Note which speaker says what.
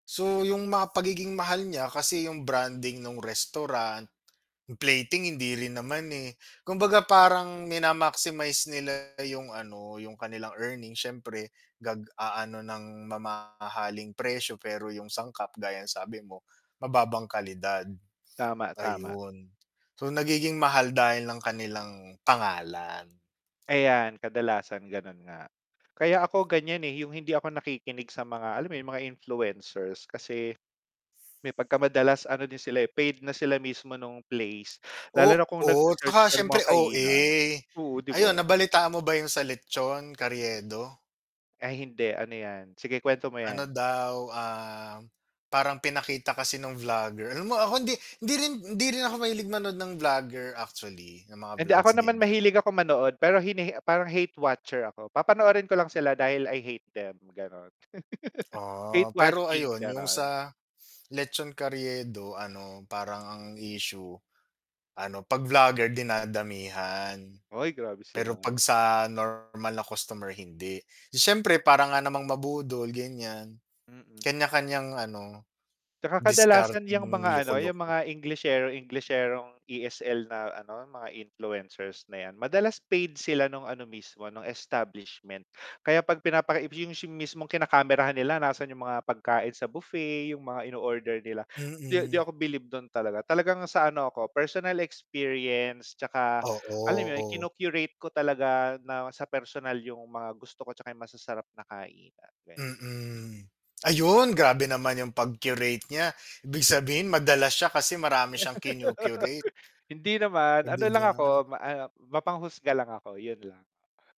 Speaker 1: So, 'yung mga pagiging mahal niya, kasi 'yung branding nung restaurant, 'yung plating hindi rin naman, eh. Kumbaga parang mina-maximize nila 'yung ano, 'yung kanilang earnings siyempre nag-aano ng mamahaling presyo, pero 'yung sangkap gaya ng sabi mo, mababang kalidad,
Speaker 2: Tama, tama.
Speaker 1: ayun. So, nagiging mahal dahil ng kanilang pangalan.
Speaker 2: Ayan kadalasan ganun nga. Kaya ako ganiyan, eh, 'yung hindi ako nakikinig sa mga, alam mo 'yun mga influencers kasi, may pagkamadalas ano din sila, eh, paid na sila mismo nung place, lalo na kung nag
Speaker 1: Oo,
Speaker 2: se-search
Speaker 1: 'tsaka
Speaker 2: ka ng
Speaker 1: syempre
Speaker 2: mga kainan,
Speaker 1: OA.
Speaker 2: oo 'di
Speaker 1: Ayun
Speaker 2: ba?
Speaker 1: nabalitaan mo ba 'yung sa lechon Carriedo?
Speaker 2: Ay hindi ano 'yan, sige kuwento mo
Speaker 1: Ano
Speaker 2: 'yan.
Speaker 1: daw, ah, parang pinakita kasi nung vlogger. Alam mo ako hindi hindi rin hindi rin ako mahilig manood ng vlogger actually, ng mga
Speaker 2: Hindi, ako
Speaker 1: vlogs,
Speaker 2: naman
Speaker 1: ganiyan.
Speaker 2: mahilig akong manood, pero hinaha parang hate watcher ako, papanoorin ko lang sila dahil I hate them, gano'n. hate
Speaker 1: Ah, pero
Speaker 2: watching,
Speaker 1: ayun 'yung
Speaker 2: gano'n.
Speaker 1: sa lechon Carriedo ano parang ang issue, ano 'pag vlogger dinadamihan,
Speaker 2: Ay grabe
Speaker 1: pero 'pag
Speaker 2: sila.
Speaker 1: sa normal na customer hindi. 'Di siyempre parang nga namang mabudol ganiyan,
Speaker 2: Mm.
Speaker 1: kanya-kanyang ano,
Speaker 2: 'Tsaka kadalasan 'yang
Speaker 1: diskarteng
Speaker 2: mga ano, 'yung
Speaker 1: loko-loko.
Speaker 2: mga englishero englisherong ESL na ano mga influencers na 'yan, madalas paid sila nung ano mismo nung establishment. Kaya 'pag pinapaki 'yung mismong kinakamerahan nila nasaan 'yung mga pagkain sa buffet, 'yung mga inoorder nila, 'di di
Speaker 1: Mm.
Speaker 2: ako bilib dun talaga, talagang sa ano ako personal experience, 'tsaka alam 'yun
Speaker 1: Oo.
Speaker 2: kinu-curate ko talaga na sa personal 'yung mga gusto ko 'tsaka 'yung masasarap na kainan, gan
Speaker 1: Mm. Ayun grabe naman 'yung pag-curate niya, ibig sabihin madalas siya kasi marami siyang kinu-curate.
Speaker 2: Hindi naman,
Speaker 1: Oh 'di
Speaker 2: ano lang ako
Speaker 1: ba?
Speaker 2: ma ano, mapanghusga lang ako, 'yun lang.